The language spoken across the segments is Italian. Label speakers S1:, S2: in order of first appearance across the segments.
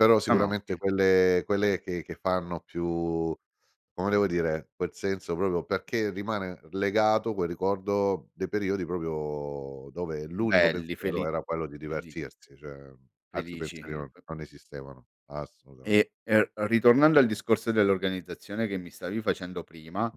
S1: Però
S2: No no
S1: sicuramente
S2: che
S1: quelle quelle che che fanno più come devo dire, quel senso proprio perché rimane legato quel ricordo dei periodi proprio dove l'unico
S2: Belli
S1: pensiero
S2: feli
S1: era quello di
S2: feli
S1: divertirsi, cioè altri
S2: felici,
S1: pensieri non
S2: p
S1: non esistevano, assolutament
S2: E e e ritornando al discorso dell'organizzazione che mi stavi facendo prima,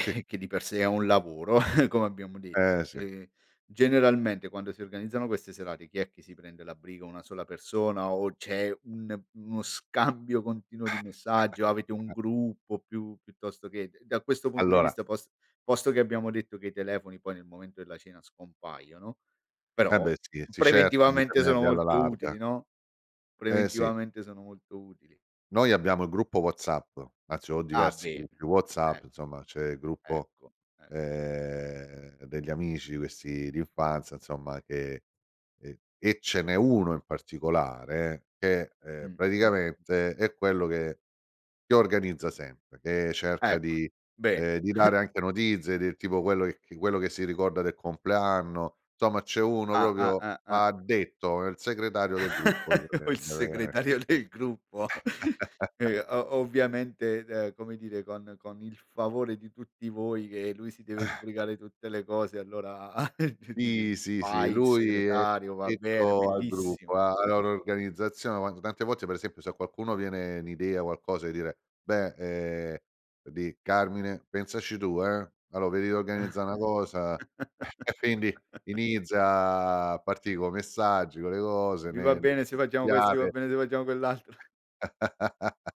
S1: Sì.
S2: che di per sé è un lavoro come abbiamo
S1: Eh,
S2: detto.
S1: sì.
S2: Ehm generalmente quando si organizzano queste serate chi è che prende la briga 1 sola persona o c'è un uno scambio continuo di messaggio? Avete un gruppo piu piuttosto che d da questo punto di
S1: Allora
S2: vista pos posto che abbiamo detto che i telefoni poi nel momento della cena scompaiono,
S1: E
S2: però
S1: beh sì, si cerca di
S2: preventivamente sono
S1: tenerli alla
S2: molto
S1: larga.
S2: utili, no,
S1: Eh sì.
S2: preventivamente sono molto utili.
S1: Noi abbiamo il gruppo WhatsApp. Anzi ho
S2: Ah
S1: diversi
S2: bene,
S1: gruppi
S2: eh.
S1: WhatsApp, insomma c'è il gruppo,
S2: Ecco, eh.
S1: ehm, degli amici questi d'infanzia, insomma che e e ce n'è 1 in particolare che, ehm,
S2: Mh, mh, mh.
S1: praticamente è quello che si organizza sempre, che cerca
S2: Ecco,
S1: di
S2: bene.
S1: ehm, di dare anche notizie del tipo quello che quello che si ricorda del compleanno. Insomma c'è uno
S2: Ah, ah,
S1: proprio
S2: ah, ah.
S1: addetto il segretario del gruppo.
S2: O il
S1: [unintelligible]
S2: segretario del gruppo, ehm, o ovviamente, ehm, come dire con con il favore di tutti voi, che lui si deve sbrigare tutte le cose, allora dire:
S1: Sì, sì, sì
S2: "Fai
S1: lui è
S2: segretario va bene
S1: addetto al gruppo,
S2: bellissimo."
S1: alla loro organizzazione, quando tante volte per esempio se a qualcuno viene n' idea qualcosa di dire: "Beh, ehm, di Carmine pensaci tu, eh, allora vedi d'organizzà una cosa." E quindi inizia a partì coi messaggi, co' le cose,
S2: Vi va
S1: ne ne.
S2: bene se facciamo questi, va
S1: [unintelligible]
S2: bene se facciamo quell'altro.